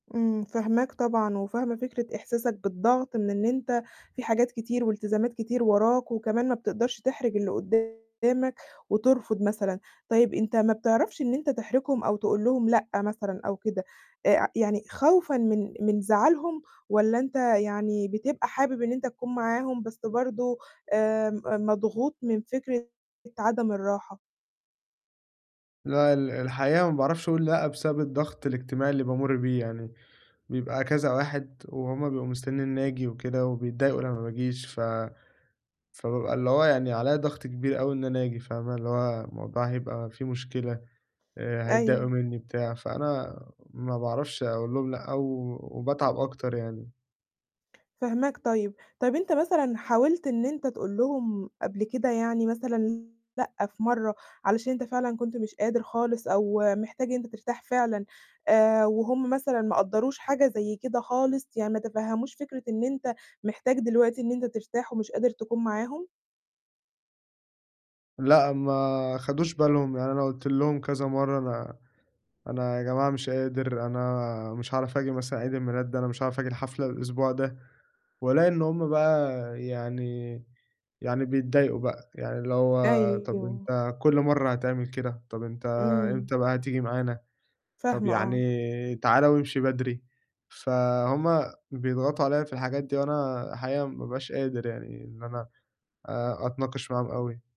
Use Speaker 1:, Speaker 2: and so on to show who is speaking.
Speaker 1: إمم، فاهماك طبعًا، وفاهمة فكرة إحساسك بالضغط من إن أنت في حاجات كتير والتزامات كتير وراك، وكمان ما بتقدرش تحرِج اللي قدامك، وترفض مثلًا. طيب أنت ما بتعرفش إن أنت تحرجهم أو تقول لهم لأ مثلًا أو كده، آآ يعني خوفًا من من زعلهم والّا أنت يعني بتبقى حابب إن أنت تكون معاهم بس برضه آآ م مضغوط من فِكرة عدم الراحة؟
Speaker 2: لأ، ال الحقيقة ما باعرفش أقُول لأ بسبب الضغط الاجتماعي اللي بامُر بيه يعني، بيبقى كذا واحد وهُم بيبقوا مستنيين إني آجي وكده وبيتضايقوا لمّا ما باجيش، ف فبابقى اللي هو يعني عليَّ ضغط كبير أوي إن أنا آجي، فاهمة، اللي هو الموضوع هيبقى فيه مشكلة، آآ هيتضايقوا
Speaker 1: أيوه.
Speaker 2: منّي، بتاع، فأنا ما باعرفش أقُول لهُم لأ و وباتعب أكتر يعني.
Speaker 1: فاهماك، طيب. طيب أنت مثلًا حاولت إن أنت تقول لهم قبل كده يعني مثلًا لأ في مرّة، علشان أنت فعلًا كنت مش قادر خالص أو محتاج إن أنت ترتاح فعلًا آآ وهُم مثلًا ما قدّروش حاجة زي كده خالص يعني ما تفهّموش فِكرة إن أنت محتاج دلوقتي إن أنت ترتاح ومش قادر تكون معاهم؟
Speaker 2: لأ، ما خَدوش بالهم، يعني أنا قُلت لهُم كذا مرّة: "أنا أنا يا جماعة مش قادر، أنا مش هاعرف آجي مثلًا عيد الميلاد ده، أنا مش هاعرف آجي الحفلة الأسبوع ده." وألاقي إن هُم بقى يعني يعني بيتضايقوا بقى، يعني اللي هو طب
Speaker 1: أيوه.
Speaker 2: أنت كُل مرّة هتعمل كده؟ طب أنت
Speaker 1: إمم.
Speaker 2: إمتى بقى هتيجي معانا؟ طب
Speaker 1: فاهمة، آه.
Speaker 2: يعني تعالى وامشي بدري. فهُم بيضغطوا عليَّ في الحاجات دي وأنا الحقيقة ما بابقاش قادر يعني إن أنا آآ أتناقش معاهم أوي.